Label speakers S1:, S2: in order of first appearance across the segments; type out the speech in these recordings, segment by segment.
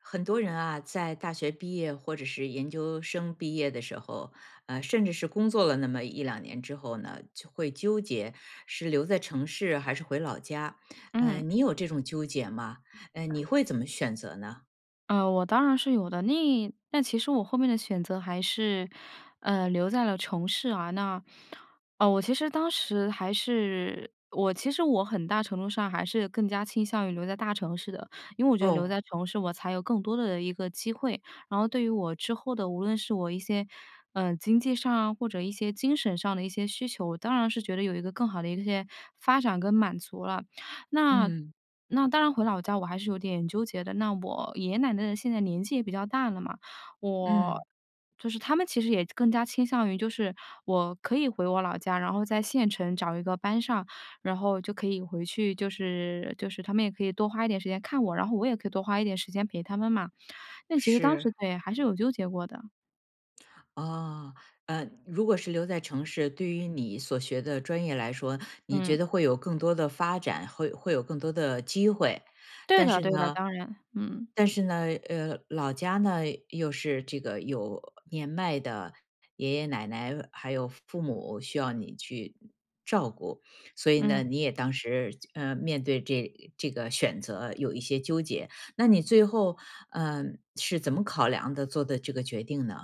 S1: 很多人啊，在大学毕业或者是研究生毕业的时候，呃，甚至是工作了那么1-2年之后呢，就会纠结，是留在城市还是回老家？呃，
S2: 嗯。
S1: 你有这种纠结吗？呃，你会怎么选择呢？
S2: 呃，我当然是有的，那但其实我后面的选择还是，呃，留在了城市啊。那呃，我其实当时还是我其实我很大程度上还是更加倾向于留在大城市的。因为我觉得留
S1: 哦。
S2: 在城市我才有更多的一个机会，然后对于我之后的无论是我一些，呃，经济上啊，或者一些精神上的一些需求，我当然是觉得有一个更好的一些发展跟满足了。那
S1: 嗯。
S2: 那当然回老家，我还是有点纠结的。那我爷爷奶奶的现在年纪也比较大了嘛，我
S1: 嗯。
S2: 就是他们其实也更加倾向于就是我可以回我老家，然后在县城找一个班上，然后就可以回去，就是就是他们也可以多花一点时间看我，然后我也可以多花一点时间陪他们嘛。那其实当时
S1: 是。
S2: 对，还是有纠结过的。
S1: 哦，呃，如果是留在城市，对于你所学的专业来说，你觉
S2: 嗯。
S1: 得会有更多的发展，会会有更多的机会。
S2: 对
S1: 但
S2: 的，
S1: 是
S2: 对的，
S1: 呢
S2: 当然，嗯。
S1: 但是呢，呃，老家呢，又是这个有年迈的爷爷奶奶，还有父父母需要你去照顾，所以呢，
S2: 嗯。
S1: 你也当时就呃，面对这呃这个选择有一些纠结。那你最后，嗯，是怎么考量的做的这个决定呢？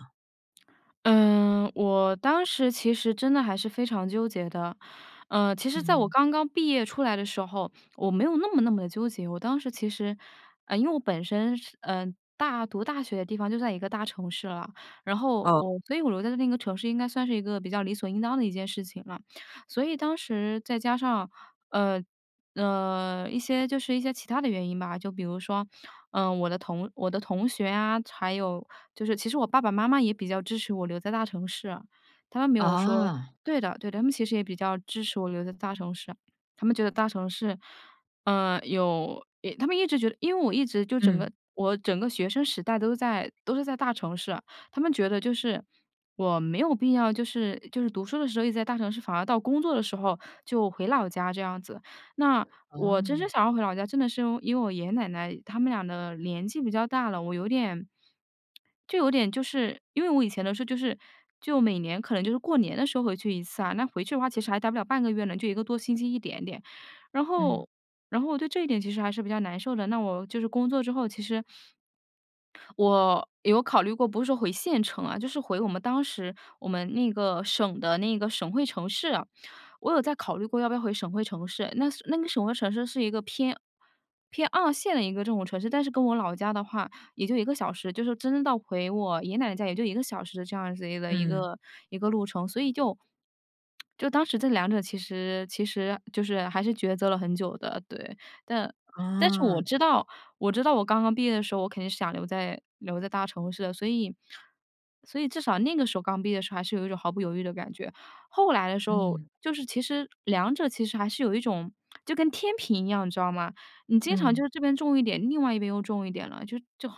S2: 嗯，我当时其实真的还是非常纠结的。呃，其实在我
S1: 嗯。
S2: 刚刚毕业出来的时候，我没有那么那么的纠结。我当时其实呃，因为我本身是呃，大读大学的地方就在一个大城市了。然后
S1: 哦。
S2: 我所以我留在那个城市应该算是一个比较理所应当的一件事情了。所以当时再加上，呃，呃，一些就是一些其它的原因吧，就比如说，呃，我的同我的同学啊，还有就是其实我爸爸妈妈也比较支持我留在大城市，他们没有说
S1: 啊。
S2: 对的，对的。他们其实也比较支持我留在大城市，他们觉得大城市，呃，有一他们一直觉得因为我一直就整
S1: 嗯。
S2: 个我整个学生时代都在都是在大城市。他们觉得就是，我没有必要，就是就是读书的时候一直在大城市，反而到工作的时候，就回老家这样子。那我真是
S1: 哦。
S2: 想要回老家真的是因为因为我爷爷奶奶他们俩的年纪比较大了，我有点就有点就是因为我以前的时候就是就每年可能就是过年的时候回去一次啊，那回去的话其实还呆不了半个月呢，就1个多星期一点点。然
S1: 嗯。
S2: 后然后我对这一点其实还是比较难受的，那我就是工作之后，其实我有考虑过，不是说回县城啊，就是回我们当时，我们那个省的那个省会城市，我有在考虑过要不要回省会城市。那那个省会城市是一个偏偏2线的一个这种城市，但是跟我老家的话也就1个小时，就是真到回我爷爷奶奶家也就1个小时的这样子的一
S1: 嗯。
S2: 个一个路程。所以就 就当时这两者其实其实就是还是抉择了很久的，对。但但是我
S1: 啊。
S2: 知道，我知道我刚刚毕业的时候，我肯定是想留在留在大城市的。所以所以至少那个时候刚毕业的时候，还是有一种毫不犹豫的感觉。后来的时候，
S1: 嗯。
S2: 就是其实两者其实还是有一种 就跟天平一样，你知道吗，你经常就
S1: 嗯。
S2: 是这边重一点，另外一边又重一点了，就就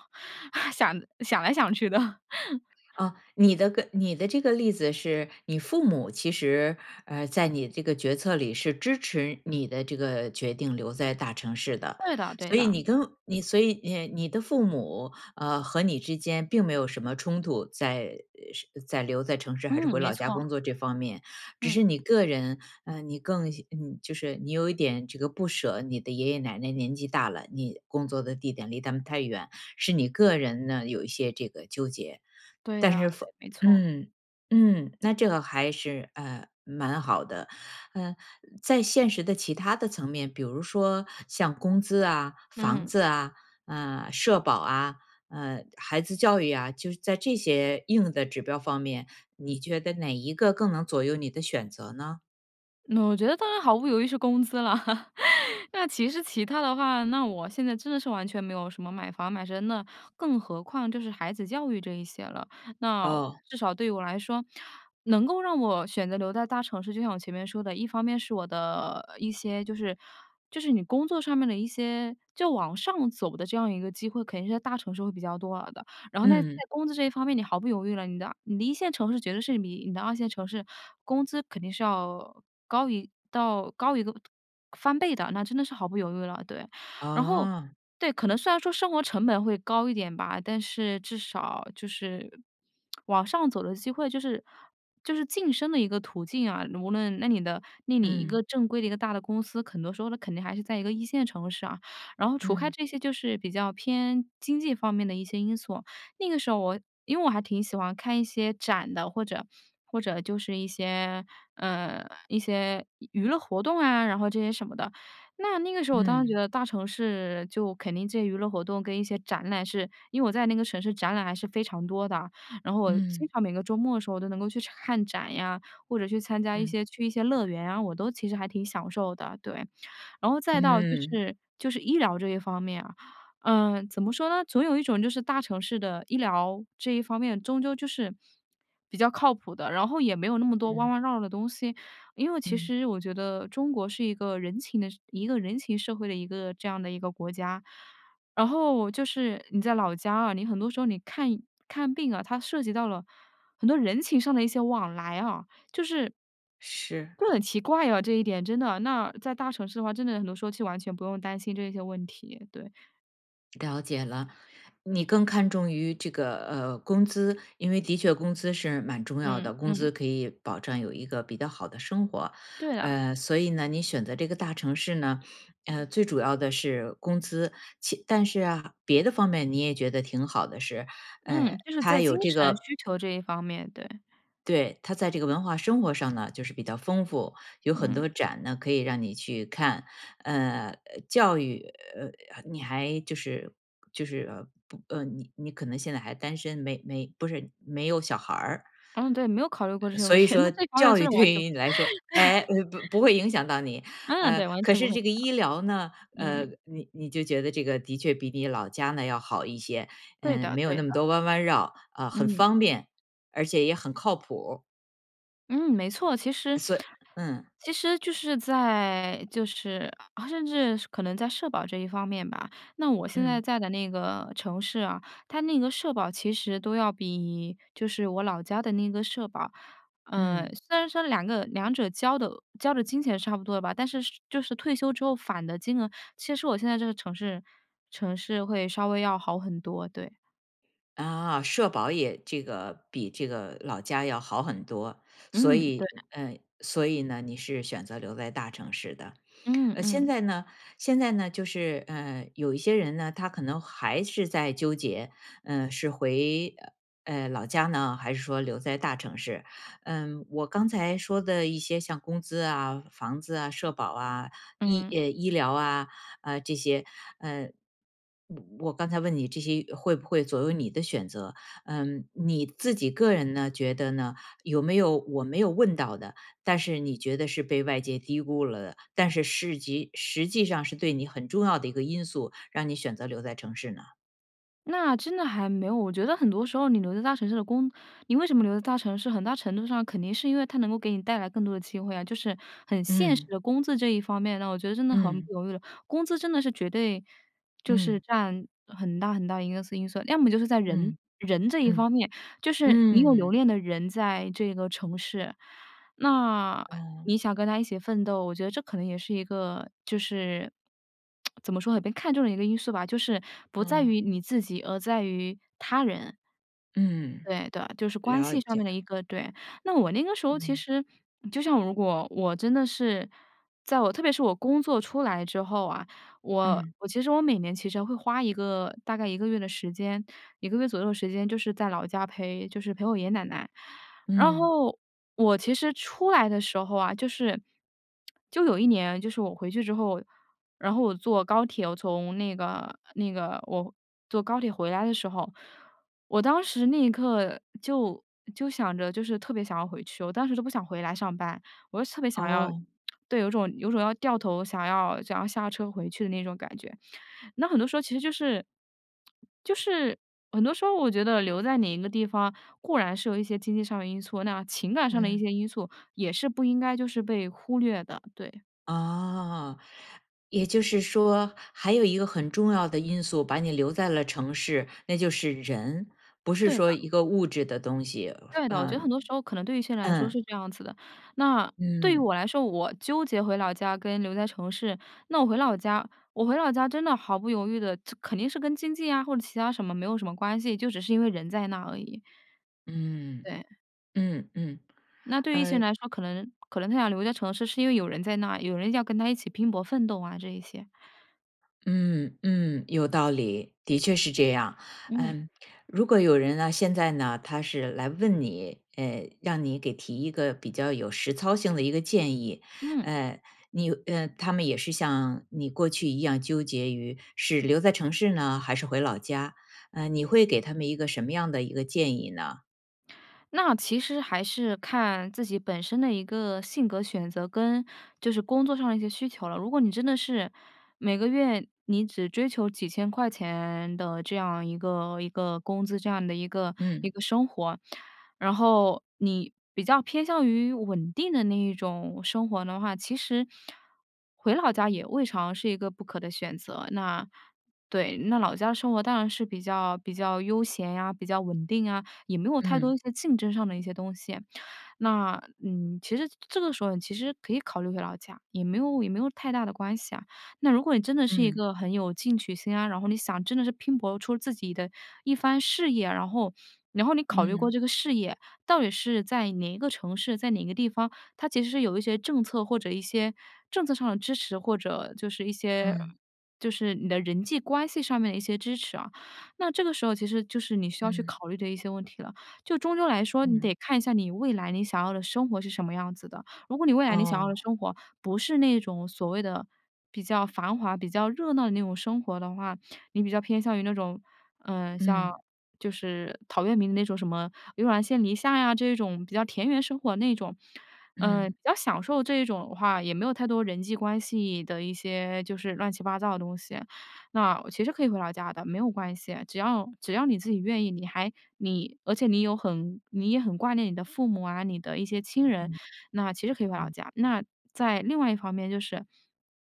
S2: 想想来想去的。
S1: 啊，你的个你的这个例子是，你父母其实，呃，在你这个决策里，是支持你的这个决定留在大城市的。
S2: 对的，对
S1: 所以你
S2: 的。
S1: 跟你所以你呃你的父母，呃，和你之间并没有什么冲突，在呃是在留在城市还是
S2: 嗯，
S1: 回
S2: 没
S1: 老家
S2: 错。
S1: 工作这方面。只
S2: 嗯。
S1: 是你个人，呃，你更嗯你就是你有一点这个不舍，你的爷爷奶奶年纪大了，你工作的地点离他们太远，是你个人呢，有一些这个纠结。
S2: 对
S1: 但
S2: 的，
S1: 是
S2: 对，
S1: 父
S2: 没错。
S1: 嗯，嗯，那这个还是，呃，蛮好的。呃，在现实的其它的层面，比如说像工资啊、房
S2: 嗯。
S1: 子啊，呃，社保啊，呃，孩子教育啊，就是在这些硬的指标方面，你觉得哪一个更能左右你的选择呢？
S2: 那我觉得当然毫不犹豫是工资了。那其实其他的话，那我现在真的是完全没有什么买房买车，那更何况就是孩子教育这一些了。那
S1: 哦。
S2: 至少对于我来说，能够让我选择留在大城市，就像我前面说的，一方面是我的一些就是就是你工作上面的一些就往上走的这样一个机会，肯定是在大城市会比较多的。然后呢，在
S1: 嗯。
S2: 工资这一方面，你毫不犹豫了，你的你的一线城市绝对是比你的二线城市工资肯定是要高于到高于一个翻倍的，那真的是毫不犹豫了，对。然后，
S1: 啊。
S2: 对，可能虽然说生活成本会高一点吧，但是至少就是，往上走的机会就是就是晋升的一个途径啊。无论那你的那你一
S1: 嗯。
S2: 个正规的一个大的公司，很多时候呢，肯定还是在一个一线城市啊。然后除开
S1: 嗯。
S2: 这些就是比较偏经济方面的一些因素，那个时候我因为我还挺喜欢看一些展的，或者或者就是一些，呃，一些娱娱乐活动啊，然后这些什么的。那那个时候我当然觉
S1: 嗯。
S2: 得大 e 城市就肯定这些娱乐活动跟一些展览是因为我在那个城市展览还是非常多的，然后我经
S1: 嗯。
S2: 常每个周末的时候都能够去看展呀，或者去参加一
S1: 嗯。
S2: 些去一些乐园啊，我都其实还挺享受的，对。然后再到就
S1: 嗯。
S2: 是就是医疗这一方面啊，呃，怎么说呢？总有一种就是大城市的医疗，这一方面终究就是，比较靠谱的，然后也没有那么多弯
S1: 嗯。
S2: 弯绕绕的东西。因为其
S1: 嗯。
S2: 实我觉得中国是一个人情的一个人情社会的一个这样的一个国家，然后就是你在老家啊，你很多时候你看看病啊，它涉及到了很多人情上的一些往来啊。就是
S1: 是。
S2: 会很奇怪啊，这一点真的。那在大城市的话，真的很多时候其实完全不用担心这些问题，对。
S1: 了解了。你更看重于这个，呃，工资，因为的确工资是蛮重要
S2: 嗯
S1: 的，工
S2: 嗯。
S1: 资可以保证有一个比较好的生活。
S2: 对啊。
S1: 呃，所以呢，你选择这个大城市呢，呃，最主要的是工资。其但是啊，别的方面你也觉得挺好的是，
S2: 嗯，
S1: 呃，
S2: 就是
S1: 它
S2: 在精
S1: 有这
S2: 神
S1: 个
S2: 需求这一方面，对。
S1: 对，它在这个文化生活上呢，就是比较丰富，有很
S2: 嗯。
S1: 多展呢，可以让你去看。呃，呃，教育，呃，呃，你还就是就是，呃，不呃，你你可能现在还单身，没没不是没有小孩儿。
S2: 嗯，对，没有考虑过这
S1: 呃，
S2: 些问
S1: 所以
S2: 题。那
S1: 说
S2: 这方面
S1: 教
S2: 真
S1: 育
S2: 的
S1: 对
S2: 完全
S1: 于
S2: 对。
S1: 你来说，哎，不不会影响到你。
S2: 嗯，
S1: 呃，
S2: 对，完
S1: 可
S2: 全不
S1: 是
S2: 会影
S1: 这个
S2: 响。
S1: 医疗呢，呃，
S2: 嗯。
S1: 你你就觉得这个的确比你老家呢要好一些，
S2: 对
S1: 嗯，
S2: 的
S1: 没有
S2: 对
S1: 那
S2: 的。
S1: 么多弯弯绕，啊，很
S2: 嗯。
S1: 方便，而且也很靠谱。
S2: 嗯，没错。其实
S1: 所以嗯。
S2: 其实就是在，就是啊，甚至可能在社保这一方面吧，那我现在
S1: 嗯。
S2: 在的那个城市啊，它那个社保其实都要比，就是我老家的那个社保嗯，
S1: 嗯。
S2: 虽然说两个两者交的交的金钱是差不多的吧，但是是就是退休之后返的金额，其实我现在这个城市城市会稍微要好很多，对。
S1: 啊，社保也这个比这个老家要好很多。所
S2: 嗯，对
S1: 以，
S2: 的。
S1: 呃，所以呢，你是选择留在大城市的。
S2: 嗯
S1: 呃，现
S2: 嗯。
S1: 在呢现在呢，就是，呃，有一些人呢，他可能还是在纠结，嗯，是回，呃，呃，老家呢，还是说留在大城市。嗯，我刚才说的一些像工资啊、房子啊、社保啊、医
S2: 嗯。
S1: 哎，医疗啊，啊，这些。呃，我我刚才问你这些会不会左右你的选择？嗯，你自己个人呢觉得呢，有没有我没有问到的，但是你觉得是被外界低估了的，但是市级实际上是对你很重要的一个因素，让你选择留在城市呢？
S2: 那真的还没有。我觉得很多时候你留在大城市的工你为什么留在大城市，很大程度上肯定是因为它能够给你带来更多的机会啊，就是很现实
S1: 嗯。
S2: 的工资这一方面。那我觉得真的很不
S1: 嗯。
S2: 犹豫了，工资真的是绝对就是
S1: 嗯。
S2: 占很大很大一个素因素。要么就是在人，
S1: 嗯，
S2: 人这一
S1: 嗯。
S2: 方面。就是你有留
S1: 嗯。
S2: 恋的人在这个城市，那，
S1: 嗯。
S2: 你想跟他一起奋斗，我觉得这可能也是一个就是 怎么说呢？被看中的一个因素吧。就是不在
S1: 嗯。
S2: 于你自己，而在于他人。
S1: 嗯。
S2: 对对，就是关
S1: 了
S2: 系上
S1: 解。
S2: 面的一个对。那我那个时候其
S1: 嗯。
S2: 实就像如果我真的是在我特别是我工作出来之后啊，我
S1: 嗯。
S2: 我其实我每年其实会花一个，大概1个月的时间，1个月左右的时间就是在老家陪就是陪我爷爷奶奶。然
S1: 嗯。
S2: 后我其实出来的时候啊，就是 就有一年就是我回去之后，然后我坐高铁，我从那个那个我坐高铁回来的时候，我当时那一刻就就想着就是特别想要回去，我当时就不想回来上班，我就特别想要
S1: 哦。
S2: 对，有种有种要掉头，想要想要下车回去的那种感觉。那很多时候其实就是 就是很多时候我觉得留在哪一个地方，固然是有一些经济上的因素，那情感上的一
S1: 嗯。
S2: 些因素也是不应该就是被忽略的，对。
S1: 啊。也就是说还有一个很重要的因素，把你留在了城市，那就是人。不是
S2: 对的。
S1: 说一个物质的东西。
S2: 对的，我觉得
S1: 嗯。
S2: 很多时候可能对一些人来说
S1: 嗯。
S2: 是这样子的。那，对于
S1: 嗯。
S2: 我来说，我纠结回老家跟留在城市。那我回老家，我回老家真的毫不犹豫的肯定是跟经济呀，或者其他什么没有什么关系，就只是因为人在那儿而已。
S1: 嗯。
S2: 对。
S1: 嗯嗯。
S2: 那对于一些
S1: 呃
S2: 人来说，可能可能他想留在城市是因为有人在那儿，有人要跟他一起拼搏奋斗啊这一些。
S1: 嗯，嗯，有道理。的确是这样。
S2: 嗯。
S1: 嗯，如果有人呢，现在呢，他是来问你，哎，让你给提一个比较有实操性的一个建议。
S2: 嗯。
S1: 呃，你呃，他们也是像你过去一样纠结于是留在城市呢还是回老家，呃，你会给他们一个什么样的一个建议呢？
S2: 那其实还是看自己本身的一个性格选择跟就是工作上的一些需求了。如果你真的是，每个月你只追求几千块钱的这样一个一个工资，这样的一个一
S1: 嗯。
S2: 个生活。然后你比较偏向于稳定的那一种生活的话，其实，回老家也未尝是一个不可的选择。那，对，那老家生活当然是比较比较悠闲啊，比较稳定啊，也没有太多
S1: 嗯。
S2: 一些竞争上的一些东西。那，嗯，其实这个时候其实可以考虑回老家，也没有也没有太大的关系啊。那如果你真的是一
S1: 嗯。
S2: 个很有进取心啊，然后你想真的是拼搏出自己的一番事业，然后，然后你考虑过
S1: 嗯。
S2: 这个事业到底是在哪一个城市，在哪个地方，他其实是有一些政策，或者一些政策上的支持，或者就是一些
S1: 嗯。
S2: 就是你的人际关系上面的一些支持啊。那这个时候其实就是你需要去
S1: 嗯
S2: 考虑的一些问题了。就终究来说，你
S1: 嗯。
S2: 得看一下你未来你想要的生活是什么样子的。如果你未来你想要的
S1: 哦。
S2: 生活不是那种所谓的比较繁华、比较热闹的那种生活的话，你比较偏向于那种，呃，像
S1: 嗯。
S2: 就是陶渊明那种什么悠然见篱下呀这种比较田园生活那种，呃，
S1: 嗯。
S2: 比较享受这一种的话，也没有太多人际关系的一些就是乱七八糟的东西，那其实可以回老家的，没有关系，只要只要你自己愿
S1: 嗯。
S2: 意。你还你而且你有很你也很挂念你的父母啊、你的一些亲人，
S1: 嗯。
S2: 那其实可以回老
S1: 嗯。
S2: 家。那在另外一方面就是，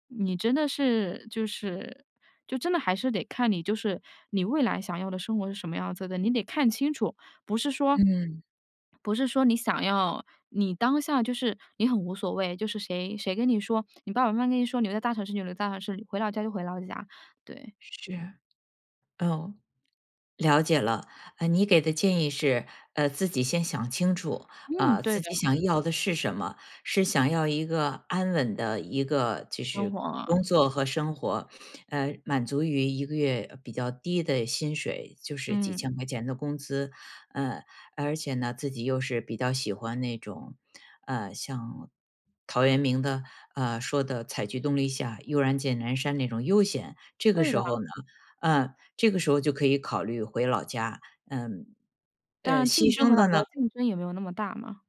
S2: 你真的是就是就真的还是得看你，就是你未来想要的生活是什么样子的，你得看清楚。不是说，
S1: 嗯。
S2: 不是说你想要，你当下就是你很无所谓，就是谁，谁跟你说，你爸爸妈妈跟你说：“你留在大城市就留在大城市，回老家就回老家。”对。
S1: 是。哦。了解了。呃，你给的建议是，呃，自己先想清楚，
S2: 嗯，
S1: 啊，
S2: 对
S1: 自
S2: 的。
S1: 己想要的是什么。是想要一个安稳的一个就
S2: 生
S1: 是
S2: 活
S1: 工
S2: 啊。
S1: 作和生活，呃，满足于一个月，呃，比较低的薪水，就是几
S2: 嗯。
S1: 千块钱的工资，呃，而且呢，自己又是比较喜欢那种，呃，像，陶渊明的，啊，说的采菊东篱下，悠然见南山那种悠闲。这个
S2: 对
S1: 时
S2: 的。
S1: 候呢，呃，这个时候就可以考虑回老家。嗯，
S2: 当
S1: 呃，
S2: 然，
S1: 牺
S2: 竞争
S1: 牲
S2: 回老
S1: 的
S2: 家
S1: 呢
S2: 竞争也没有那么大嘛。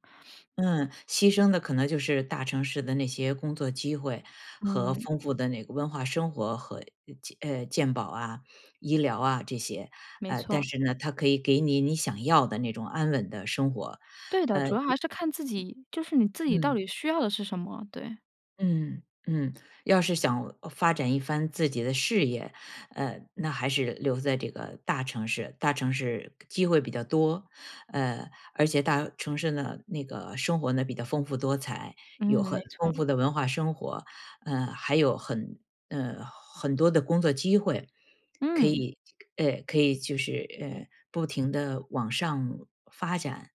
S1: 嗯，牺牲的可能就是大城市的那些工作机会和
S2: 嗯。
S1: 丰富的那个文化生活和，呃，健呃，健保啊、医疗啊这些。
S2: 没
S1: 呃，但
S2: 错。
S1: 是呢，它可以给你你想要的那种安稳的生活，
S2: 对的，
S1: 呃
S2: 主要还是看自己，就是你自己到
S1: 嗯。
S2: 底需要的是什么，对。
S1: 嗯，嗯，要是想发展一番自己的事业，呃，那还是留在这个大城市。大城市机会比较多，呃，而且大城市呢，那个生活呢，比较丰富多彩，有
S2: 嗯，没
S1: 很丰
S2: 错。
S1: 富的文化生活，呃，还有很呃，很多的工作机会，可
S2: 嗯。
S1: 以，呃，可以就是，呃，不停地往上发展。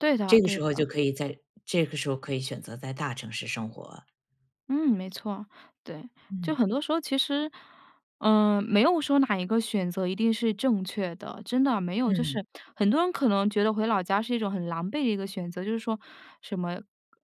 S2: 对的，
S1: 这个
S2: 对
S1: 时候
S2: 的。
S1: 就可以在这个时候可以选择在大城市生活。
S2: 嗯，没错，对。就
S1: 嗯。
S2: 很多时候其实，呃，没有说哪一个选择一定是正确的。真的，没有，就
S1: 嗯。
S2: 是很多人可能觉得回老家是一种很狼狈的一个选择，就是说，什么：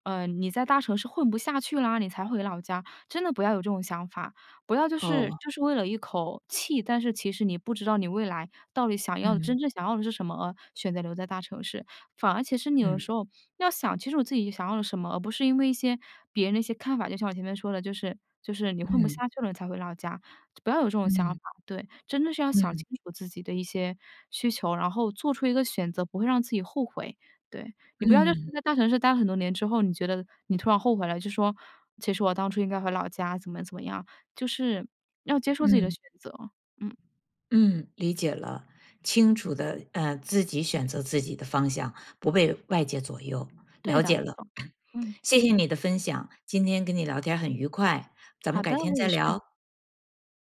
S2: “呃，你在大城市混不下去啦，你才回老家。“真的不要有这种想法。不要就是，
S1: 哦。
S2: 就是为了一口气，但是其实你不知道你未来到底想要的，
S1: 嗯。
S2: 真正想要的是什么，而选择留在大城市。反而其实你有的
S1: 嗯。
S2: 时候，要想，其实我自己想要了什么，而不是因为一些别人的一些看法。就像我前面说的，就是就是你混不
S1: 嗯。
S2: 下去了你才回老家，就不要有这种想
S1: 嗯。
S2: 法，对。真的是要想
S1: 嗯。
S2: 清楚自己的一些需求，然后做出一个选择，不会让自己后悔。对。你不要就是
S1: 嗯。
S2: 在大城市待了很多年之后，你觉得你突然后悔了，就说：“其实我当初应该回老家。”怎么怎么样。就是，要接受自己的
S1: 嗯。
S2: 选择。嗯。
S1: 嗯，理解了。清楚地，呃，自己选择自己的方向，不被外界左右。
S2: 对
S1: 了
S2: 的，
S1: 解
S2: 没
S1: 了。
S2: 错，嗯。
S1: 谢谢你的分享，今天跟你聊天儿很愉快，咱们
S2: 好
S1: 改
S2: 的，
S1: 天
S2: 我
S1: 再
S2: 也是。
S1: 聊。